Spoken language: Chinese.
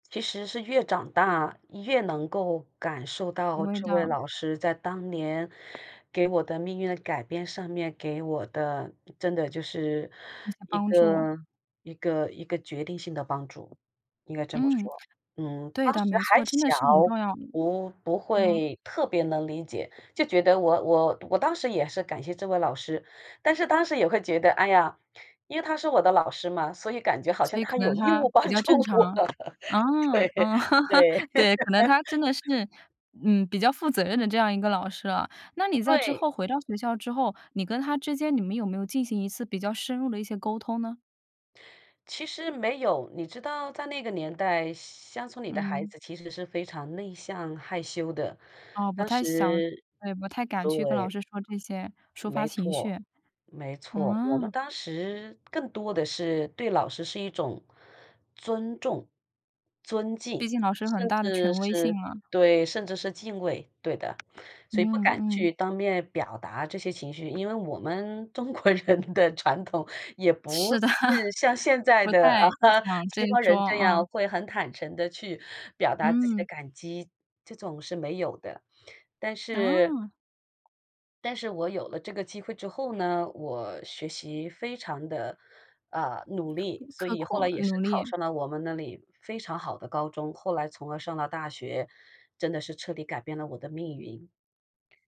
其实是越长大越能够感受体到会这位到。老师在当年给我的命运的改变上面给我的，真的就是一些一帮助。个一个一个决定性的帮助，应该这么嗯，说。嗯，对当的，时没还错，真的小，是很重要。不不嗯。会特别能理解，就觉得我我我当时也是感谢这位老师，但是当时也会觉得，哎呀，因为他是我的老师嘛，所以感觉好像所以他可能有义他务比帮较助正常，我，啊，对，啊，对。对，可能他真 的是，嗯，比较负责任的这样一个老师啊。那你在之对。后回到学校之后，你跟他之间，你们有没有进行一次比较深入地一些沟通呢？其实没有，你知道在那个年代，乡村里的孩嗯。子其实是非常内向害羞的，哦，不当太想，时也不太敢去跟老对。师说这些，抒发没情绪。错，没错，我们嗯。当时更多的是对老师是一种尊重、尊毕敬，竟老师很甚大的至权威性是嘛。对，甚至是敬畏，对的，所以不嗯敢嗯。去当面表达这些情绪。因为我们中国人的传统也不是的，是像现在不的，太啊，想这西一方人桩这啊。样会很坦诚地去表达自己的嗯。感激，这种是没有的，但是啊。但是我有了这个机会之后呢，我学习非常的，呃，努力，所刻刻以后来苦也是努考力。上了我们那里非常好的高中，后来从而上了大学，真的是彻底改变了我的命运。